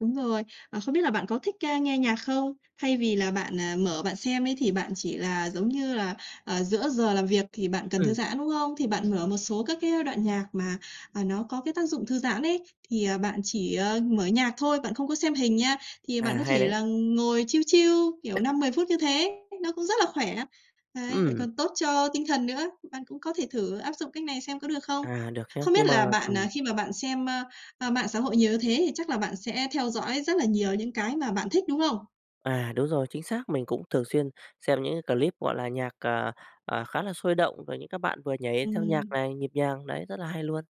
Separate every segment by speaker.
Speaker 1: Đúng rồi. À, không biết là bạn có thích, a, nghe nhạc không? Thay vì là bạn, à, mở bạn xem ấy thì bạn chỉ là, giống như là, ờ, giữa giờ làm việc thì bạn cần thư
Speaker 2: Ừ.
Speaker 1: giãn, đúng không? Thì bạn mở một số các cái đoạn nhạc mà, à, nó có cái tác dụng thư giãn ấy, thì, ờ, bạn chỉ, ờ, mở nhạc thôi, bạn không có xem hình nha, thì bạn
Speaker 2: À,
Speaker 1: có
Speaker 2: hay
Speaker 1: thể
Speaker 2: đấy.
Speaker 1: là ngồi chill, chill kiểu 5, 10 phút như thế, nó cũng rất là khỏe. Đấy, lại
Speaker 2: Ừm.
Speaker 1: còn tốt cho tinh thần nữa. Bạn cũng có thể thử áp dụng cách này xem có được không?
Speaker 2: À, được chứ.
Speaker 1: Không biết
Speaker 2: Nhưng mà
Speaker 1: là bạn, à,
Speaker 2: ừm.
Speaker 1: khi mà bạn xem, a, a, mạng xã hội nhiều thế thì chắc là bạn sẽ theo dõi rất là nhiều những cái mà bạn thích, đúng không?
Speaker 2: À, đúng rồi, chính xác. Mình cũng thường xuyên xem những cái clip, gọi là, nhạc, à, à, khá là sôi động rồi những các bạn vừa nhảy theo nhạc
Speaker 1: Ừm.
Speaker 2: này, nhịp nhàng, đấy rất là hay luôn.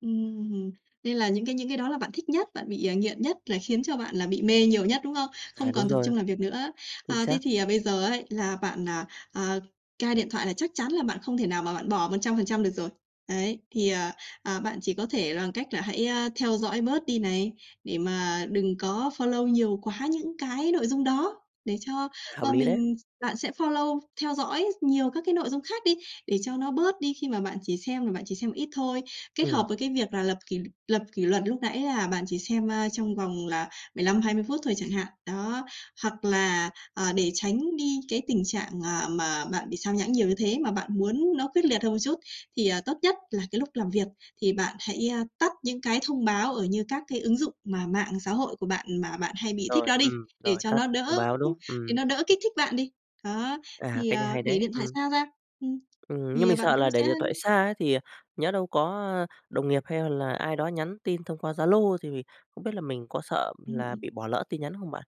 Speaker 1: Ừm, nên là những cái những cái đó là bạn thích nhất, bạn bị, à, nghiện nhất là khiến cho bạn là bị mê nhiều nhất, đúng không? Không
Speaker 2: À, đúng
Speaker 1: còn tập
Speaker 2: rồi.
Speaker 1: trung làm việc nữa.
Speaker 2: Chính
Speaker 1: À, thế
Speaker 2: xác.
Speaker 1: thì, ờ, bây giờ ấy là bạn, à, à, cai điện thoại là chắc chắn là bạn không thể nào mà bạn bỏ 100% được rồi. Đấy, thì, ờ, ờ, bạn chỉ có thể bằng cách là hãy, a, theo dõi bớt đi này, để mà đừng có follow nhiều quá những cái nội dung đó để cho,
Speaker 2: À, hợp
Speaker 1: ơ,
Speaker 2: lý đấy.
Speaker 1: mình bạn sẽ follow theo dõi nhiều các cái nội dung khác đi, để cho nó bớt đi khi mà bạn chỉ xem là bạn chỉ xem ít thôi. Kết
Speaker 2: Ừm.
Speaker 1: hợp với cái việc là lập kỷ lập kỷ luật lúc nãy là bạn chỉ xem, a, trong vòng là 15, 20 phút thôi chẳng hạn. Đó, hoặc là, ờ, để tránh đi cái tình trạng, à, mà bạn bị sao nhãng nhiều như thế mà bạn muốn nó quyết liệt hơn một chút, thì, à, tốt nhất là cái lúc làm việc thì bạn hãy, a, tắt những cái thông báo ở như các cái ứng dụng mà mạng xã hội của bạn mà bạn hay bị thích
Speaker 2: Rồi,
Speaker 1: đó đi,
Speaker 2: ừm,
Speaker 1: để
Speaker 2: rồi
Speaker 1: cho
Speaker 2: tắt
Speaker 1: nó
Speaker 2: thông
Speaker 1: đỡ
Speaker 2: báo, đúng không?
Speaker 1: để
Speaker 2: Ừm.
Speaker 1: nó đỡ kích thích bạn đi. Đó,
Speaker 2: À,
Speaker 1: thì,
Speaker 2: cái này
Speaker 1: à,
Speaker 2: hay
Speaker 1: để
Speaker 2: đấy,
Speaker 1: điện thoại
Speaker 2: ừm.
Speaker 1: xa ra, ừm,
Speaker 2: Ừm, nhưng
Speaker 1: thì
Speaker 2: mình
Speaker 1: bạn
Speaker 2: sợ
Speaker 1: cũng
Speaker 2: là để
Speaker 1: sẽ
Speaker 2: điện thoại xa ấy thì, ờ, nhỡ đâu có đồng nghiệp hay là ai đó nhắn tin thông qua Zalo, thì không biết là mình có sợ
Speaker 1: Ừm,
Speaker 2: là
Speaker 1: ừm.
Speaker 2: bị bỏ lỡ tin nhắn không bạn?